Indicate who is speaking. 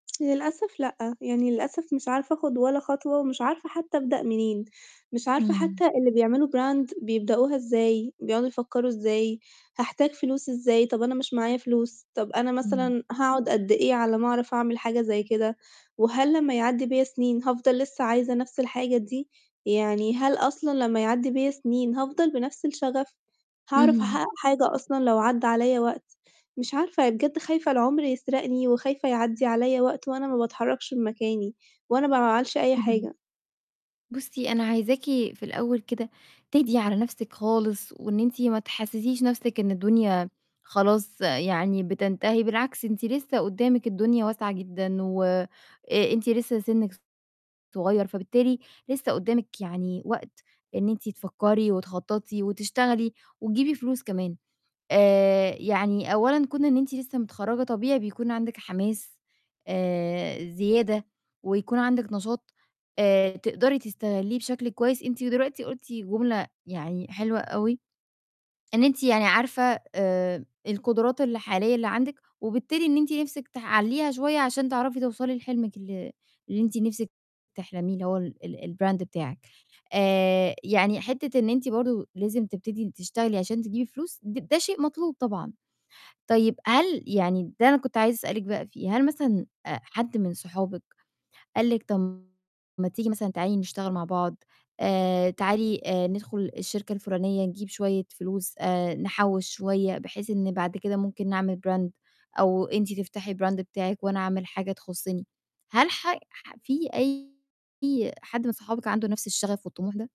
Speaker 1: للأسف لأ، يعني للأسف مش عارفة آخُد ولا خطوة ومش عارفة حتّى أبدأ منين، مش عارفة
Speaker 2: إمم.
Speaker 1: حتّى اللي بيعملوا brand بيبدأوها إزاي، بيقعدوا يفكّروا إزاي، هحتاج فلوس إزاي؟ طَب أنا مش معايا فلوس، طَب أنا
Speaker 2: إمم.
Speaker 1: مثلًا هاقعُد قد إيه على أمّا أعرف أعمل حاجة زي كده؟ وهل لمّا يعدّي بّيا سِنين هافضل لسّه عايزة نَفْس الحاجة دي؟ يعني هل أصلًا لمّا يعدّي بيّا سِنين، هافضل بنَفْس الشَغَف، هاعرف
Speaker 2: اهم.
Speaker 1: حاجة أصلًا لو عدّى عليّا وقت؟ مش عارفة، بجد خايفة العُمر يسرقني، وخايفة يعدّي عليّا وقت وأنا ما باتحرّكش من ككاني وأنا ب ما أعملش أي
Speaker 2: اهم.
Speaker 1: حاجة.
Speaker 2: بُصّي، أنا عايزاكِ في الأول كده تهدي على نَفْسِك خالص، وإن أنت ما تحسّسيش نَفْسِك إن الدنيا خلاص يعني بتنتهي، بالعكس أنتِ لسّه قُدّامِك الدنيا واسعة جدًا و أ أنتِ لسّه سِنِّك صغير، فبالتالي لسّه قُدّامِك يعني وقت إن أنتِ تفكّري وتخطّطي وتشتغلي وتجيبي فلوس كمان. آآ، يعني أولًا كُون إن أنتِ لسّه متخرّجة طبيعي بكون عندِك حماس آآ، زيادة، ويكون عندِك نشاط آآ تقدري تستغليه بشكل كويس. أنتِ دلوقتي قُلتِ جملة يعني حلوة أوي، إن أنتِ يعني عارفة آآ، القدرات الحالية اللي عندِك وبالتالي إن أنتِ نِفْسِك تحلّيها شوية عشان تعرفي توصلي لحلمِك ال اللي أنتِ نِفْسِك تحلميه اللي هو ال الbrand بتاعك. آآ، يعني حتّة إن أنتِ برضه لازم تبتدي تشتغلي عشان تجيبي فلوس ده شيء مطلوب طبعًا. طيب هل يعني ده أنا كنت عايزة أسألِك بقى فيه، هل مثلًا حد من صحابِك قال لكِ طَب ما تيجي مثلًا تعالي نشتغل مع بعض، آآ، تعالي ندخُل الشركة الفُلانية نجيب شوية فلوس آآ، نحول شوية بحيث إن بعد كده ممكن نعمل brand أو أنتِ تفتحي brand بتاعك وأنا أعمل حاجة تخُصّني؟ هل ح ح في أي حد من صحابِك عنده نَفْس الشَغَف والطموح ده؟